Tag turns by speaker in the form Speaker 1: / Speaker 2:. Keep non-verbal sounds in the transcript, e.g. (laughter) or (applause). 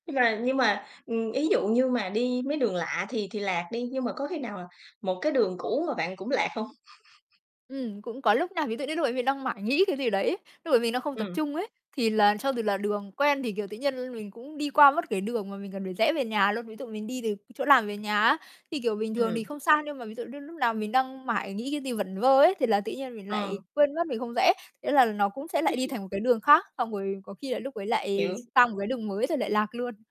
Speaker 1: Nhưng mà nhưng mà, ừm, ý dụ như mà đi mấy đường lạ thì thì lạc đi, nhưng mà có khi nào một cái đường cũ mà bạn cũng lạc hông? (chuckles)
Speaker 2: Ừm, cũng có lúc nha, ví dụ như lúc ấy mình đang mải nghĩ cái gì đấy, lúc mà mình đang không tập
Speaker 1: Ừm.
Speaker 2: trung ấy, thì là cho dù là đường quen thì, kiểu, tự nhiên mình cũng đi qua mất cái đường mà mình cần phải rẽ về nhà luôn. Ví dụ mình đi từ chỗ làm về nhà á, thì, kiểu, bình thường thì
Speaker 1: Ừm.
Speaker 2: không sao, nhưng mà ví dụ như lúc nào mình đang mải nghĩ cái gì vẩn vơ ấy, thì là tự nhiên mình lại
Speaker 1: Ờ.
Speaker 2: quên mất mình không rẽ. Thế là nó cũng sẽ lại đi
Speaker 1: (chuckles)
Speaker 2: thành một cái đường khác, xong rồi có khi là lúc ấy lại
Speaker 1: Hiểu.
Speaker 2: sang một cái đường mới rồi lại lạc luôn.